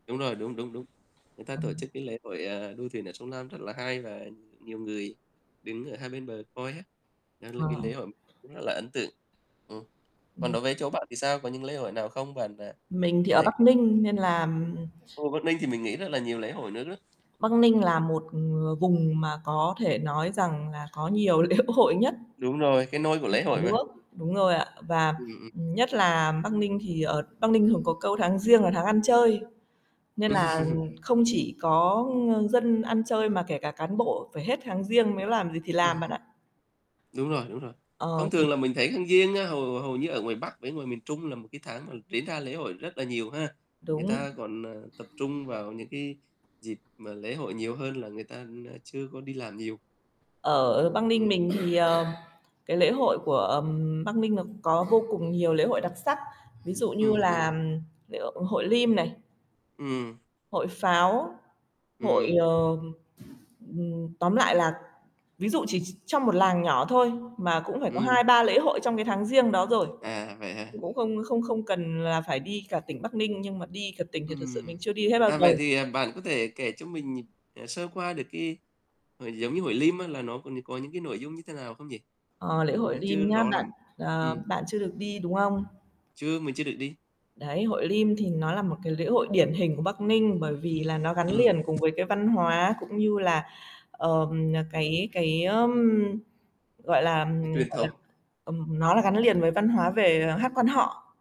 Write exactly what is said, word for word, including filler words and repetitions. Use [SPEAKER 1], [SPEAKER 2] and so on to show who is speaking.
[SPEAKER 1] Đúng rồi, đúng, đúng, đúng. Người ta tổ
[SPEAKER 2] Ừm.
[SPEAKER 1] chức cái lễ hội, a, đua thuyền ở sông Lam rất là hay, và nhiều người đứng ở hai bên bờ coi á. Đó là cái
[SPEAKER 2] Ờ.
[SPEAKER 1] lễ hội cũng rất là ấn tượng. Ừm.
[SPEAKER 2] Ừ.
[SPEAKER 1] Còn đối với chỗ bạn thì sao? Có những lễ hội nào không? Bạn, à,
[SPEAKER 2] Mình thì
[SPEAKER 1] có
[SPEAKER 2] ở
[SPEAKER 1] thể
[SPEAKER 2] Bắc Ninh, nên là, ừm
[SPEAKER 1] Ồ, Băc Ninh thì mình nghĩ rất là nhiều lễ hội nước đó.
[SPEAKER 2] Bắc Ninh là một, ờ, vùng mà có thể nói rằng là có nhiều lễ hội nhất
[SPEAKER 1] Đúng rồi, cái nôi của
[SPEAKER 2] trên
[SPEAKER 1] lễ
[SPEAKER 2] cả
[SPEAKER 1] hội mà.
[SPEAKER 2] nước. Đúng rồi ạ. Và,
[SPEAKER 1] Ừm, ừm.
[SPEAKER 2] ừm, nhất là Bắc Ninh thì ở Bắc Ninh thường có câu "tháng Giêng là tháng ăn chơi", nên là, ừm, không chỉ có, ơ, dân ăn chơi, mà kể cả cán bộ phải hết tháng Giêng mới làm gì thì làm
[SPEAKER 1] Ừm.
[SPEAKER 2] bạn ạ.
[SPEAKER 1] Đúng rồi, đúng rồi.
[SPEAKER 2] Ờ,
[SPEAKER 1] Thông
[SPEAKER 2] thì
[SPEAKER 1] thường là mình thấy tháng Giêng á, hầu hầu như ở ngoài Bắc với ngoài miền Trung là một cái tháng mà diễn ra lễ hội rất là nhiều ha. Người
[SPEAKER 2] Đúng.
[SPEAKER 1] ta còn, à, tập trung vào những cái dịp mà lễ hội nhiều hơn là người ta, a, chưa có đi làm nhiều.
[SPEAKER 2] Ở Bắc Ninh
[SPEAKER 1] Ừm.
[SPEAKER 2] mình thì, ờ, cái lễ hội của, ừm, Bắc Ninh nó có vô cùng nhiều lễ hội đặc sắc, ví dụ như
[SPEAKER 1] Ừm,
[SPEAKER 2] là
[SPEAKER 1] ừm.
[SPEAKER 2] lễ hội Lim này
[SPEAKER 1] Ừm.
[SPEAKER 2] hội pháo, hội,
[SPEAKER 1] Ừm.
[SPEAKER 2] ờ, ừm, tóm lại là ví dụ chỉ chỉ trong một làng nhỏ thôi, mà cũng phải có
[SPEAKER 1] Ừm.
[SPEAKER 2] hai ba lễ hội trong cái tháng Giêng đó rồi.
[SPEAKER 1] À, vậy hả?
[SPEAKER 2] Cũng không không không cần là phải đi cả tỉnh Bắc Ninh, nhưng mà đi cả tỉnh thì thật sự
[SPEAKER 1] Ừm.
[SPEAKER 2] mình chưa đi hết bao
[SPEAKER 1] À,
[SPEAKER 2] giờ.
[SPEAKER 1] vậy thì, à, bạn có thể kể cho mình, à, sơ qua được cái hội giống như hội Lim á, là nó có có những cái nội dung như thế nào không nhỉ?
[SPEAKER 2] Ờ, lễ
[SPEAKER 1] Mình
[SPEAKER 2] hội
[SPEAKER 1] cũng chưa
[SPEAKER 2] Lim nhá
[SPEAKER 1] rõ
[SPEAKER 2] bạn.
[SPEAKER 1] lắm.
[SPEAKER 2] À,
[SPEAKER 1] Ừm.
[SPEAKER 2] bạn chưa được đi, đúng không?
[SPEAKER 1] Chưa, mình chưa được đi.
[SPEAKER 2] Đấy, hội Lim thì nó là một cái lễ hội điển hình của Bắc Ninh, bởi vì là nó gắn
[SPEAKER 1] Ừm.
[SPEAKER 2] liền cùng với cái văn hóa, cũng như là, ờ,
[SPEAKER 1] Ừm.
[SPEAKER 2] cái cái, ưm, gọi là,
[SPEAKER 1] Cái truyền
[SPEAKER 2] gọi là,
[SPEAKER 1] thống.
[SPEAKER 2] ừm, nó là gắn liền với văn hóa về, à, hát Quan họ.